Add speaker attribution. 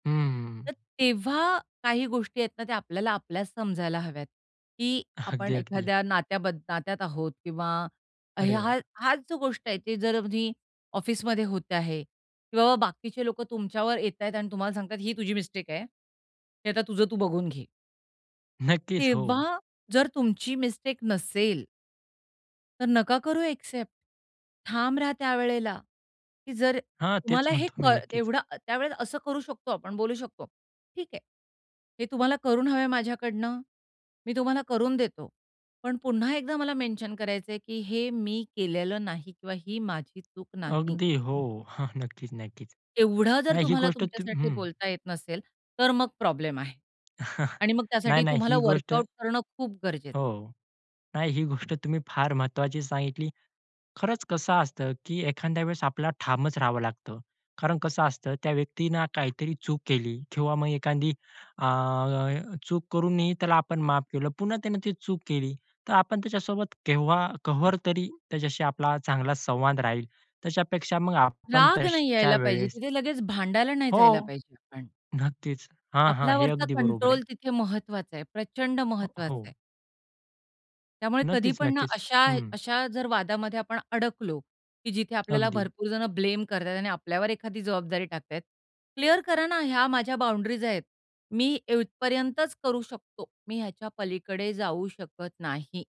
Speaker 1: हं.
Speaker 2: तर तेव्हा काही गोष्टी आहेत ना, ते आपल्याला आपल्याच समजायला हव्यात. की
Speaker 1: अगदी,
Speaker 2: आपण
Speaker 1: अगदी.
Speaker 2: एखाद्या नात्याब नात्यात आहोत किंवा
Speaker 1: अरे
Speaker 2: हा
Speaker 1: वाह!
Speaker 2: हाच जो गोष्ट आहे, ते जर तुम्ही ऑफिसमध्ये होत आहे किंवा बाकीचे लोकं तुमच्यावर येतायत आणि तुम्हाला सांगतायत, ही तुझी मिस्टेक आहे. की आता तुझं तू बघून घे.
Speaker 1: नक्कीच. हो.
Speaker 2: तेव्हा जर तुमची मिस्टेक नसेल तर नका करू ॲक्सेप्ट. ठाम रहा त्यावेळेला, की जर
Speaker 1: हां, तेच
Speaker 2: तुम्हाला हे
Speaker 1: म्हणतो मी.
Speaker 2: कड
Speaker 1: नक्कीच.
Speaker 2: एवढं त्यावेळेला असं करू शकतो आपण, बोलू शकतो. ठीक आहे. हे तुम्हाला करून हवंय माझ्याकडनं. मी तुम्हाला करून देतो. पण पुन्हा एकदा मला मेन्शन करायचंय, की हे मी केलेलं नाही किंवा ही माझी चूक नाही.
Speaker 1: अगदी. हो, हां. नक्कीच, नक्कीच.
Speaker 2: एवढं जर
Speaker 1: नाही. ही
Speaker 2: तुम्हाला
Speaker 1: गोष्ट तुम्ही
Speaker 2: तुमच्यासाठी
Speaker 1: हं.
Speaker 2: बोलता येत नसेल तर मग प्रॉब्लेम आहे. आणि मग
Speaker 1: नाही,
Speaker 2: त्यासाठी
Speaker 1: नाही.
Speaker 2: तुम्हाला
Speaker 1: ही गोष्ट
Speaker 2: वर्कआउट करणं खूप गरजेचं आहे.
Speaker 1: हो, नाही. ही गोष्ट तुम्ही फार महत्त्वाची सांगितली. खरंच कसं असतं, की एखाद्या वेळेस आपल्याला ठामच राहावं लागतं. कारण कसं असतं, त्या व्यक्तीने काहीतरी चूक केली किंवा मग एखादी अ, चूक करूनही त्याला आपण माफ केलं. पुन्हा त्याने ती चूक केली. तर आपण त्याच्यासोबत केव्हा कहर तरी त्याच्याशी आपला चांगला संवाद राहील. त्याच्यापेक्षा मग आपण
Speaker 2: राग नाही
Speaker 1: तश्या
Speaker 2: यायला पाहिजे.
Speaker 1: वेळेस
Speaker 2: तिथे लगेच भांडायला नाही
Speaker 1: हो.
Speaker 2: जायला पाहिजे आपण.
Speaker 1: नक्कीच. हां, हां. हे
Speaker 2: आपल्यावरचा
Speaker 1: अगदी बरोबर
Speaker 2: कंट्रोल
Speaker 1: आहे.
Speaker 2: तिथे महत्त्वाचा आहे. प्रचंड महत्त्वाचा
Speaker 1: हो.
Speaker 2: आहे. त्यामुळे कधी
Speaker 1: नक्कीच,
Speaker 2: पण ना
Speaker 1: नक्कीच.
Speaker 2: अशा
Speaker 1: हं.
Speaker 2: अशा जर वादामध्ये आपण अडकलो, की जिथे आपल्याला
Speaker 1: अगदी.
Speaker 2: भरपूर जणं ब्लेम करतायेत आणि आपल्यावर एखादी जबाबदारी टाकतायेत. क्लिअर करा ना, ह्या माझ्या बाउंड्रीज आहेत. मी इथपर्यंतच करू शकतो. मी ह्याच्या पलीकडे जाऊ शकत नाही.